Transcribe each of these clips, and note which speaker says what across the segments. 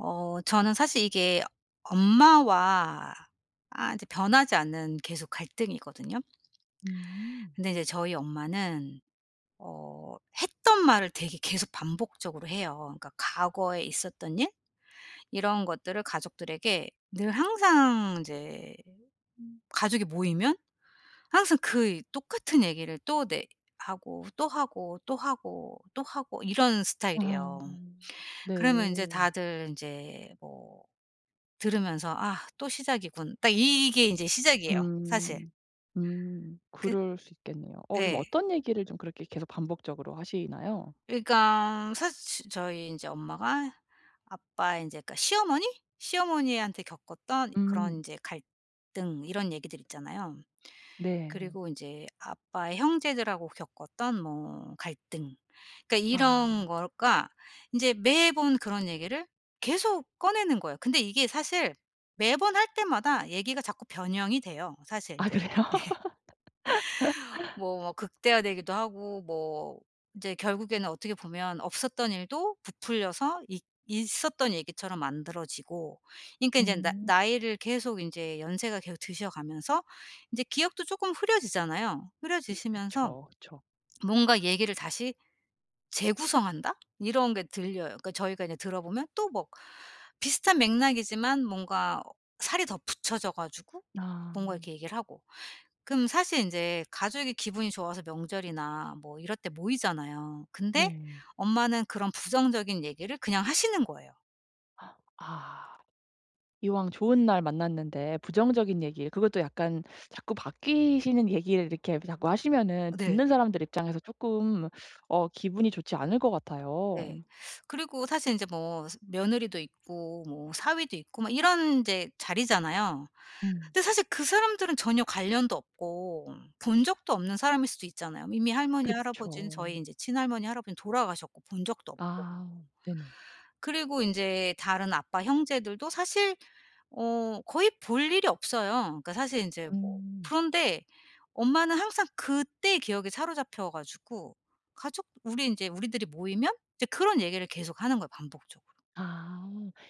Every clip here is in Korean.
Speaker 1: 어 저는 사실 이게 엄마와 아 이제 변하지 않는 계속 갈등이거든요.
Speaker 2: 음.
Speaker 1: 근데 인제 저희 엄마는 어 했던 말을 되게 계속 반복적으로 해요. 그러니까 과거에 있었던 일 이런 것들을 가족들에게 늘 항상 인제 가족이 모이면 항상 그 이 똑같은 얘기를 또 네 하고 또 하고, 또 하고, 또 하고 이런 스타일이에요.
Speaker 2: 아
Speaker 1: 그러면 인제
Speaker 2: 네.
Speaker 1: 다들 인제 뭐 들으면서 '아 또 시작이군.' 딱 이 이게 인제 시작이에요 사실.
Speaker 2: 음. 음.
Speaker 1: 그
Speaker 2: 그럴 수 있겠네요. 어 좀
Speaker 1: 네.
Speaker 2: 어떤 얘기를 좀 그렇게 계속 반복적으로 하시나요?
Speaker 1: 그러니까 사실 치 저희 인제 엄마가 아빠의 인제 그러니까 시어머니? 시어머니한테 겪었던
Speaker 2: 음.
Speaker 1: 그런 인제 갈등 이런 얘기들 있잖아요.
Speaker 2: 네.
Speaker 1: 그리고 인제 아빠의 형제들하고 겪었던 뭐 갈등. 그러니까 이런
Speaker 2: 아.
Speaker 1: 거가 인제 매번 그런 얘기를 계속 꺼내는 거예요. 근데 이게 사실 매번 할 때마다 얘기가 자꾸 변형이 돼요 사실
Speaker 2: 아
Speaker 1: 인제.
Speaker 2: 그래요?
Speaker 1: 예. 뭐 막 극대화되기도 하고 뭐 인제 결국에는 어떻게 보면 없었던 일도 부풀려서 있 있었던 얘기처럼 만들어지고 그러니까 인제 나
Speaker 2: 음.
Speaker 1: 나이를 계속 인제 연세가 계속 드셔 가면서 인제 기억도 쪼끔 흐려지잖아요.
Speaker 2: 음
Speaker 1: 흐려지시면서
Speaker 2: 그쵸, 그쵸.
Speaker 1: 뭔가 얘기를 다시 재구성한다? 이런 게 들려요. 그러니까 저희가 이제 들어 보면 또 막 비슷한 맥락이지만 뭔가 살이 더 붙여져 가지고
Speaker 2: 아.
Speaker 1: 뭔가 이렇게 얘기를 하고 그럼 사실 인제 가족이 기분이 좋아서 명절이나 뭐 이럴 때 모이잖아요. 근데
Speaker 2: 네.
Speaker 1: 엄마는 그런 부정적인 얘기를 그냥 하시는 거예요.
Speaker 2: 아. 이왕 좋은 날 만났는데 부정적인 얘기 그것도 약간 자꾸 바뀌시는 얘기를 이렇게 브 자꾸 하시면은
Speaker 1: 네.
Speaker 2: 듣는 사람들 입장에서 쪼끔 어 기분이 좋지 않을 것
Speaker 1: 네.
Speaker 2: 같아요.
Speaker 1: 그리고 사실 인제 뭐 스 며느리도 있고 뭐 사위도 있고 막 이런 인제 자리잖아요.
Speaker 2: 음.
Speaker 1: 근데 사실 그 사람들은 전혀 관련도 없고 본 적도 없는 사람일 수도 있잖아요. 이미 할머니 할아버지는
Speaker 2: 그쵸.
Speaker 1: 저희 인제 친할머니 할아버지는 돌아가셨고 본 적도 없고
Speaker 2: 아 네네.
Speaker 1: 그리고 인제 다른 아빠 형제들도 사실 어 거의 볼 일이 없어요. 그니까 사실 인제 뭐
Speaker 2: 음.
Speaker 1: 그런데 엄마는 항상 그때의 기억에 사로잡혀 가지고 가족 우리 인제 우리들이 모이면 이제 그런 얘기를 계속하는 거예요 반복적으로.
Speaker 2: 아.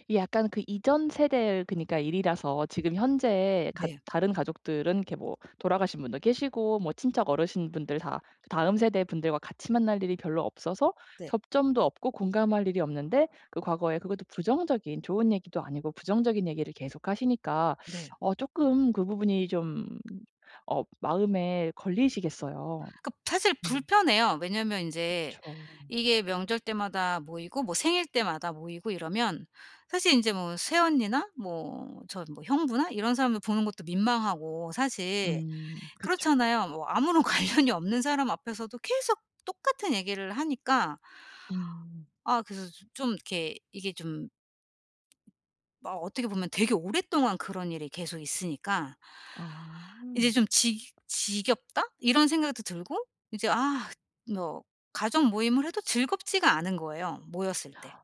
Speaker 2: 이 약간 그 이전 세대의 그니까 일이라서 지금 현재에 갖
Speaker 1: 네.
Speaker 2: 다른 가족들은 이렇게 뭐 돌아가신 분도 계시고 뭐 친척 어르신분들 다 다음 세대 분들과 같이 만날 일이 별로 없어서
Speaker 1: 네.
Speaker 2: 접점도 없고 공감할 일이 없는데 그 과거에 그것도 부정적인 좋은 얘기도 아니고 부정적인 얘기를 계속 하시니까
Speaker 1: 네.
Speaker 2: 어 쪼끔 그 부분이 좀 어 마음에 걸리시겠어요.
Speaker 1: 그 사실
Speaker 2: 음.
Speaker 1: 불편해요. 왜냐면 인제
Speaker 2: 그쵸.
Speaker 1: 이게 명절 때마다 모이고 뭐 생일 때마다 모이고 이러면 사실 인제 뭐 새언니나 뭐 저 뭐 형부나 이런 사람들 보는 것도 민망하고 사실
Speaker 2: 음 그쵸.
Speaker 1: 그렇잖아요. 뭐 아무런 관련이 없는 사람 앞에서도 계속 똑같은 얘기를 하니까
Speaker 2: 음.
Speaker 1: 아 그래서 서 좀 이렇게 이게 좀 막 어떻게 보면 되게 오랫동안 그런 일이 계속 있으니까
Speaker 2: 아.
Speaker 1: 이제 좀 '지 지겹다.' 이런 생각도 들고 이제 아 뭐 가족 모임을 해도 즐겁지가 않은 거예요 모였을 때.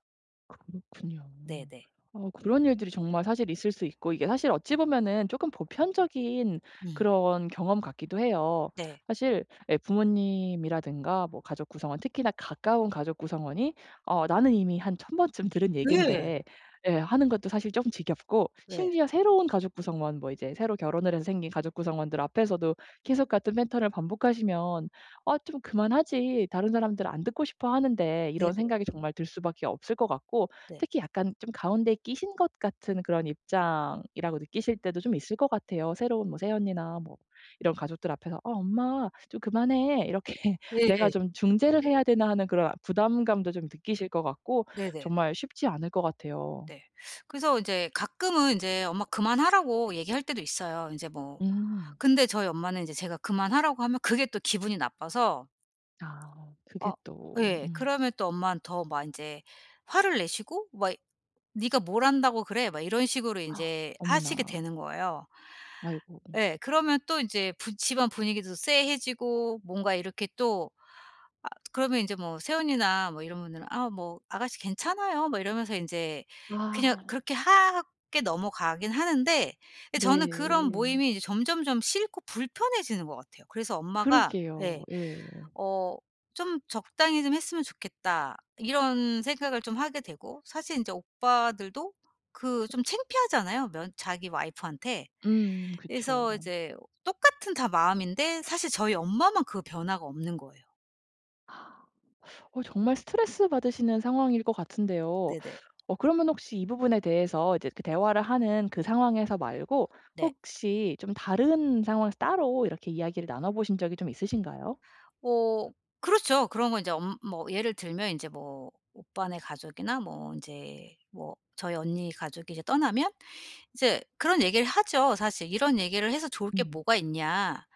Speaker 2: 그렇군요.
Speaker 1: 네네.
Speaker 2: 어 그런 일들이 정말 사실 있을 수 있고 이게 사실 어찌 보면은 쪼금 보편적인
Speaker 1: 음.
Speaker 2: 그런 경험 같기도 해요.
Speaker 1: 네.
Speaker 2: 사실 예 부모님이라든가 뭐 가족구성원 특히나 가까운 가족구성원이 '어 나는 이미 한 1000 번쯤 들은
Speaker 1: 네.
Speaker 2: 얘기인데.' 예 하는 것도 사실 쪼끔 지겹고
Speaker 1: 네.
Speaker 2: 심지어 새로운 가족 구성원 뭐 이제 새로 결혼을 해서 생긴 가족 구성원들 앞에서도 계속 같은 패턴을 반복하시면 '아 좀 그만하지 다른 사람들 안 듣고 싶어 하는데.' 이런
Speaker 1: 네네.
Speaker 2: 생각이 정말 들 수밖에 없을 것 같고
Speaker 1: 네.
Speaker 2: 특히 약간 좀 가운데 끼신 것 같은 그런 입장이라고 느끼실 때도 좀 있을 것 같아요. 새로운 뭐 새언니나 뭐 이런 가족들 앞에서 '아 엄마 좀 그만해.' 이렇게 '내가
Speaker 1: 네예.
Speaker 2: 좀 중재를 해야 되나.' 하는 그런 아 부담감도 좀 느끼실 것 같고
Speaker 1: 네네.
Speaker 2: 정말 쉽지 않을 거 같아요.
Speaker 1: 네. 그래서 이제 가끔은 인제 "엄마 그만하라고." 얘기할 때도 있어요. 인제 뭐
Speaker 2: 음.
Speaker 1: 근데 저희 엄마는 인제 제가 그만하라고 하면 그게 또 기분이 나빠서
Speaker 2: 아 그게
Speaker 1: 어
Speaker 2: 또
Speaker 1: 예.
Speaker 2: 음.
Speaker 1: 그러면 또 엄마는 더 막 인제 화를 내시고 막 이 "네가 뭘 안다고 그래?" 막 이런 식으로 인제 하시게
Speaker 2: 어머나.
Speaker 1: 되는 거예요.
Speaker 2: 아이고 음.
Speaker 1: 예 그러면 또 인제 부 집안 분위기도 쎄해지고 뭔가 이렇게 또 아 그러면 인제 뭐 새언니나 뭐 이런 분들은 아 뭐 "아가씨 괜찮아요." 뭐 이러면서 인제 그냥
Speaker 2: 아.
Speaker 1: 그렇게 화 하게 넘어가기는 하는데 예 저는 그런
Speaker 2: 네.
Speaker 1: 모임이 이제 점점점 싫고 불편해지는 것 같아요. 그래서 엄마가
Speaker 2: 그러게요.
Speaker 1: 예
Speaker 2: 예.
Speaker 1: 어 '좀 적당히 좀 했으면 좋겠다.' 이런 생각을 좀 하게 되고 사실 인제 오빠들도 그 좀 창피하잖아요 면 자기 와이프한테.
Speaker 2: 음 그쵸.
Speaker 1: 그래서 이제 똑같은 다 마음인데 사실 저희 엄마만 그 변화가 없는 거예요.
Speaker 2: 어 정말 스트레스 받으시는 상황일 것 같은데요.
Speaker 1: 네네.
Speaker 2: 어 그러면 혹시 이 부분에 대해서 이제 그 대화를 하는 그 상황에서 말고
Speaker 1: 네.
Speaker 2: 혹시 좀 다른 상황에서 따로 이렇게 이야기를 나눠 보신 적이 좀 있으신가요?
Speaker 1: 어 그렇죠. 그런 거 인제 엄 뭐 예를 들면 인제 뭐 오빠네 가족이나 뭐 인제 뭐 저희 언니 가족이 이제 떠나면 이제 그런 얘기를 하죠 사실. "이런 얘기를 해서 좋을 게
Speaker 2: 음.
Speaker 1: 뭐가 있냐.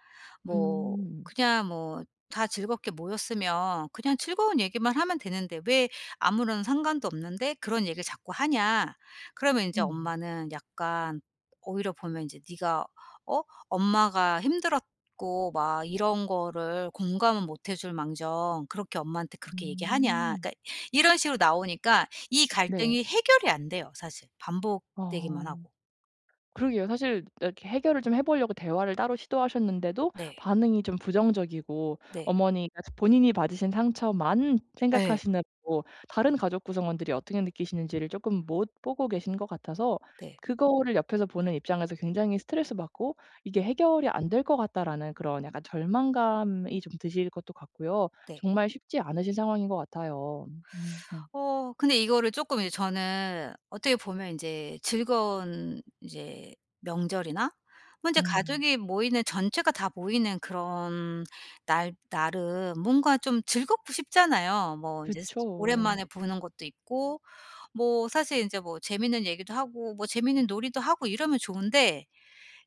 Speaker 1: 뭐
Speaker 2: 음.
Speaker 1: 그냥 뭐 다 즐겁게 모였으면 그냥 즐거운 얘기만 하면 되는데 왜 아무런 상관도 없는데 그런 얘기를 자꾸 하냐." 그러면 인제
Speaker 2: 음.
Speaker 1: 엄마는 약간 오히려 보면 이제 "네가 어? 엄마가 힘들었고 막 이런 거를 공감은 못 해줄망정 그렇게 엄마한테 그렇게 얘기하냐."
Speaker 2: 음.
Speaker 1: 그러니까 이런 식으로 나오니까 이
Speaker 2: 네.
Speaker 1: 갈등이 해결이 안 돼요 사실, 반복되기만
Speaker 2: 어
Speaker 1: 하고.
Speaker 2: 그러게요. 사실 이렇게 해결을 좀 해 보려고 대화를 따로 시도하셨는데도
Speaker 1: 네.
Speaker 2: 반응이 좀 부정적이고
Speaker 1: 네.
Speaker 2: 어머니가 이제 본인이 받으신 상처만
Speaker 1: 예.
Speaker 2: 생각하시는 뭐 다른 가족 구성원들이 어떻게 느끼시는지를 쪼끔 못 보고 계신 것 같아서
Speaker 1: 네.
Speaker 2: 그거를 옆에서 보는 입장에서 굉장히 스트레스받고 '이게 해결이 안 될 것 같다.'라는 그런 약간 절망감이 좀 드실 것도 같고요.
Speaker 1: 네.
Speaker 2: 정말 쉽지 않으신 상황인 것 같아요. 음 음.
Speaker 1: 어 근데 이거를 조끔 이제 저는 어떻게 보면 인제 즐거운 이제 명절이나 뭐 인제
Speaker 2: 음.
Speaker 1: 가족이 모이는 전체가 다 모이는 그런 날 날은 뭔가 좀 즐겁고 싶잖아요. 뭐 이제 스
Speaker 2: 그쵸.
Speaker 1: 오랜만에 보는 것도 있고 뭐 사실 인제 뭐 재밌는 얘기도 하고 뭐 재밌는 놀이도 하고 이러면 좋은데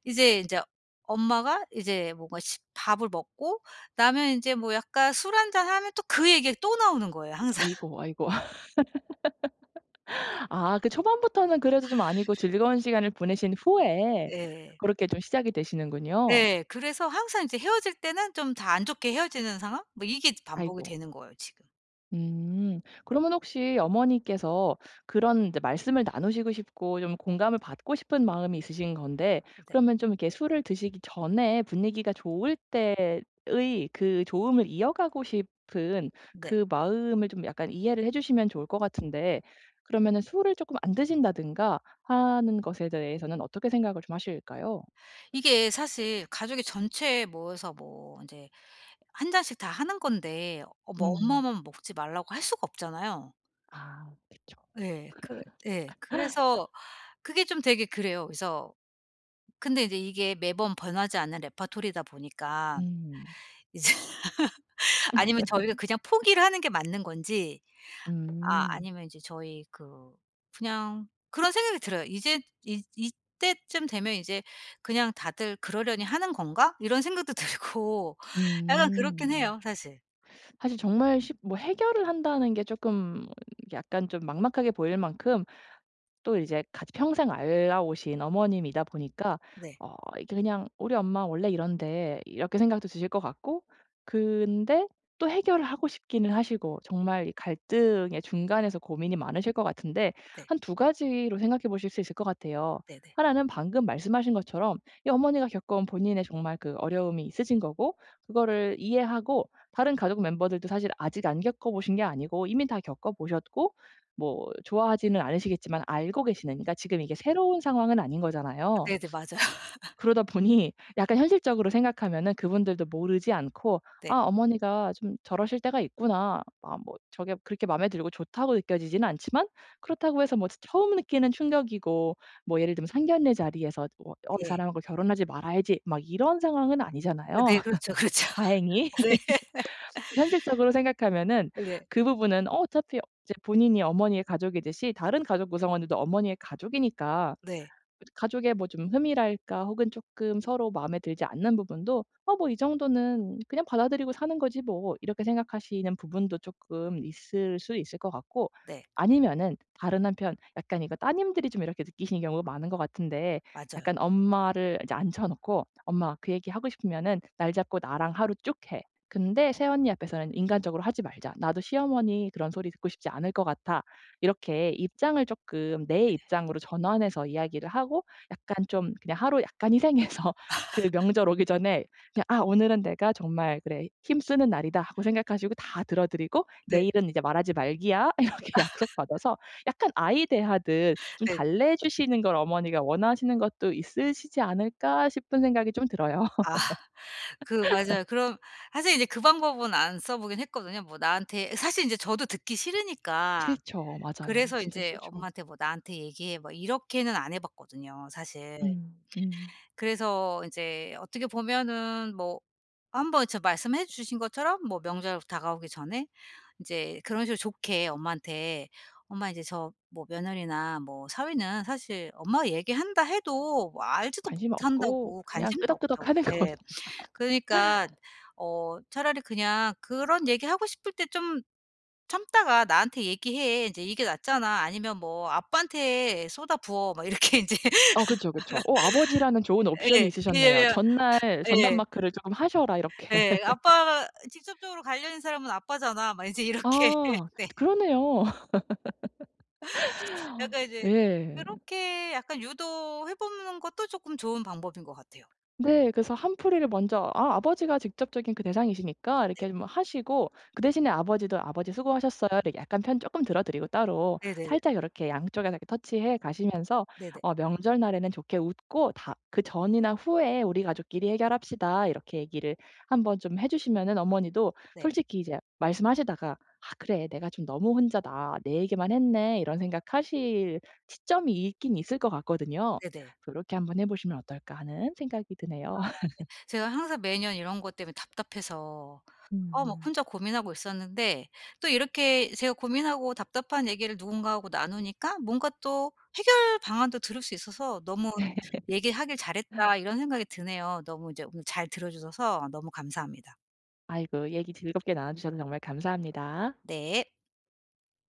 Speaker 1: 이제 인제 엄마가 이제 뭔가 십 밥을 먹고 나면 인제 뭐 약간 술 1 잔하면 또 그 얘기가 또 나오는 거예요 항상.
Speaker 2: 아이고 아이고. 아 그 초반부터는 그래도 좀 아니고 즐거운 시간을 보내신 후에
Speaker 1: 예.
Speaker 2: 그렇게 좀 시작이 되시는군요.
Speaker 1: 네. 그래서 항상 이제 헤어질 때는 좀 다 안 좋게 헤어지는 상황? 뭐 이게 반복이
Speaker 2: 아이고.
Speaker 1: 되는 거예요 지금.
Speaker 2: 음. 그러면 혹시 어머니께서 그런 말씀을 나누시고 싶고 좀 공감을 받고 싶은 마음이 있으신 건데
Speaker 1: 네.
Speaker 2: 그러면 좀 이렇게 술을 드시기 전에 분위기가 좋을 때의 그 좋음을 이어가고 싶은
Speaker 1: 네.
Speaker 2: 그 마음을 좀 약간 이해를 해 주시면 좋을 것 같은데 그러면은 술을 쪼끔 안 드신다든가 하는 것에 대해서는 어떻게 생각을 좀 하실까요?
Speaker 1: 이게 사실 가족이 전체에 모여서 뭐 인제 1 잔씩 다 하는 건데 어 뭐
Speaker 2: 음.
Speaker 1: 엄마만 먹지 말라고 할 수가 없잖아요.
Speaker 2: 아 그쵸.
Speaker 1: 예. 그 예 그래서 그게 좀 되게 그래요. 그래서 근데 이제 이게 매번 변하지 않는 레파토리다 보니까
Speaker 2: 음.
Speaker 1: 이제 아니면 저희가 그냥 포기를 하는 게 맞는 건지. 아
Speaker 2: 음.
Speaker 1: 아니면 이제 저희 그 그냥 그런 생각이 들어요. 이제 '이 이때쯤 되면 이제 그냥 다들 그러려니 하는 건가?' 이런 생각도 들고 약간 그렇긴
Speaker 2: 음.
Speaker 1: 해요 사실.
Speaker 2: 사실 정말 시 뭐 해결을 한다는 게 쪼끔 약간 좀 막막하게 보일 만큼 또 이제 같이 평생 알아 오신 어머님이다 보니까
Speaker 1: 네.
Speaker 2: 어 이게 그냥 '우리 엄마 원래 이런데.' 이렇게 생각도 드실 것 같고 근데 또 해결을 하고 싶기는 하시고 정말 이 갈등의 중간에서 고민이 많으실 것 같은데
Speaker 1: 네.
Speaker 2: 한 2 가지로 생각해 보실 수 있을 것 같아요.
Speaker 1: 네네.
Speaker 2: 1 는 방금 말씀하신 것처럼 이 어머니가 겪어온 본인의 정말 그 어려움이 있으신 거고 그거를 이해하고 다른 가족 멤버들도 사실 아직 안 겪어보신 게 아니고 이미 다 겪어보셨고 뭐 좋아하지는 않으시겠지만 알고 계시는 그러니까 지금 이게 새로운 상황은 아닌 거잖아요.
Speaker 1: 네네. 맞아요.
Speaker 2: 그러다 보니 약간 현실적으로 생각하면은 그분들도 모르지 않고
Speaker 1: 네.
Speaker 2: '아 어머니가 좀 저러실 때가 있구나.' 아 뭐 저게 그렇게 맘에 들고 좋다고 느껴지지는 않지만 그렇다고 해서 뭐 처 처음 느끼는 충격이고 뭐 예를 들면 상견례 자리에서 '어 이
Speaker 1: 예.
Speaker 2: 사람하고 결혼하지 말아야지.' 막 이런 상황은
Speaker 1: 어
Speaker 2: 아니잖아요
Speaker 1: 네 그렇죠. 그렇죠.
Speaker 2: 다행히.
Speaker 1: 네.
Speaker 2: 현실적으로 생각하면은
Speaker 1: 네.
Speaker 2: 그 부분은 어 어차피 이제 본인이 어머니의 가족이듯이 다른 가족 구성원들도 어머니의 가족이니까
Speaker 1: 네.
Speaker 2: 가족의 뭐 좀 흠이랄까 혹은 쪼끔 서로 마음에 들지 않는 부분도 '어 뭐 이 정도는 그냥 받아들이고 사는 거지 뭐.' 이렇게 생각하시는 부분도 쪼끔 있을 수 있을 것 같고
Speaker 1: 네.
Speaker 2: 아니면은 다른 한편 약간 이거 따님들이 좀 이렇게 느끼시는 경우가 많은 것 같은데
Speaker 1: 맞아요.
Speaker 2: 약간 엄마를 인제 앉혀 놓고 "엄마 그 얘기 하고 싶으면은 날 잡고 나랑 하루 쭉 해. 근데 새언니 앞에서는 인간적으로 하지 말자. 나도 시어머니 그런 소리 듣고 싶지 않을 것 같아." 이렇게 입장을 쪼끔 내
Speaker 1: 네.
Speaker 2: 입장으로 전환해서 이야기를 하고 약간 좀 그냥 하루 약간 희생해서 그 명절 오기 전에 야 '아 오늘은 내가 정말 그래 힘쓰는 날이다.' 하고 생각하시고 다 들어 드리고
Speaker 1: 네.
Speaker 2: "내일은 이제 말하지 말기야." 이렇게 약속받아서 약간 아이 대하듯 '좀
Speaker 1: 네.
Speaker 2: 달래주시는 걸 어머니가 원하시는 것도 있으시지 않을까.' 싶은 생각이 좀 들어요.
Speaker 1: 아. 그 맞아요. 그럼 사실 이제 그 방법은 안 써보긴 했거든요. 뭐 나한테 사실 인제 저도 듣기 싫으니까
Speaker 2: 싫죠. 맞아요.
Speaker 1: 그래서
Speaker 2: 진짜
Speaker 1: 인제
Speaker 2: 싫죠.
Speaker 1: 엄마한테 뭐 "나한테 얘기해." 뭐 이렇게는 안 해 봤거든요 사실.
Speaker 2: 음 음.
Speaker 1: 그래서 인제 어떻게 보면은 뭐 한번 저 말씀해 주신 것처럼 뭐 명절 다가오기 전에 인제 그런 식으로 좋게 엄마한테 엄마 인제 저 뭐 며느리나 뭐 사위는 사실 엄마가 얘기한다 해도 뭐 알지도
Speaker 2: 관심 없고
Speaker 1: 못한다고
Speaker 2: 그냥
Speaker 1: 관심도
Speaker 2: 끄덕끄덕
Speaker 1: 없다고
Speaker 2: 하는 거.
Speaker 1: 예 그러니깐 "어 차라리 그냥 그런 얘기 하고 싶을 때 좀 참다가 나한테 얘기해. 인제 이게 낫잖아." 아니면 뭐 "아빠한테 쏟아부어." 막 이렇게 인제
Speaker 2: 어 그쵸, 그쵸. 어 아버지라는 좋은 옵션이
Speaker 1: 예.
Speaker 2: 있으셨네요.
Speaker 1: 예예.
Speaker 2: 전날 "전담
Speaker 1: 예.
Speaker 2: 마크를 쪼금 하셔라." 이렇게.
Speaker 1: 예. 아빠 "직접적으로 관련 있는 사람은 아빠잖아." 막 인제 이렇게
Speaker 2: 아
Speaker 1: 네.
Speaker 2: 그러네요.
Speaker 1: 약간 이제
Speaker 2: 예.
Speaker 1: 그렇게 약간 유도해 보는 것도 쪼끔 좋은 방법인 것 같아요.
Speaker 2: 네, 그래서 한풀이를 먼저 아 아버지가 직접적인 그 대상이시니까 이렇게
Speaker 1: 네.
Speaker 2: 좀 하시고 그 대신에 아버지도 "아버지 수고하셨어요." 이렇게 약간 편 조금 들어드리고 따로
Speaker 1: 네네네.
Speaker 2: 살짝 요렇게 양쪽에서 touch 해 가시면서
Speaker 1: 네네.
Speaker 2: 어 명절날에는 좋게 웃고 다 "그 전이나 후에 우리 가족끼리 해결합시다." 이렇게 얘기를 한번 좀 해 주시면은 어머니도
Speaker 1: 네.
Speaker 2: 솔직히 이제 말씀하시다가 '아 그래 내가 좀 너무 혼자다. 내 얘기만 했네.' 이런 생각 하실 시점이 있긴 있을 것 같거든요.
Speaker 1: 네네.
Speaker 2: 그래서 '요렇게 한번 해 보시면 어떨까.' 하는 생각이 드네요.
Speaker 1: 아 네. 제가 항상 매년 이런 것 때문에 답답해서 어 막
Speaker 2: 음.
Speaker 1: 혼자 고민하고 있었는데 또 이렇게 제가 고민하고 답답한 얘기를 누군가하고 나누니까 뭔가 또 해결 방안도 들을 수 있어서 너무
Speaker 2: 네.
Speaker 1: '얘기하길 잘했다.' 이런 생각이 드네요. 너무 이제 오늘 잘 들어 주셔서 너무 감사합니다.
Speaker 2: 아이고 얘기 즐겁게 나눠 주셔서 정말 감사합니다.
Speaker 1: 네.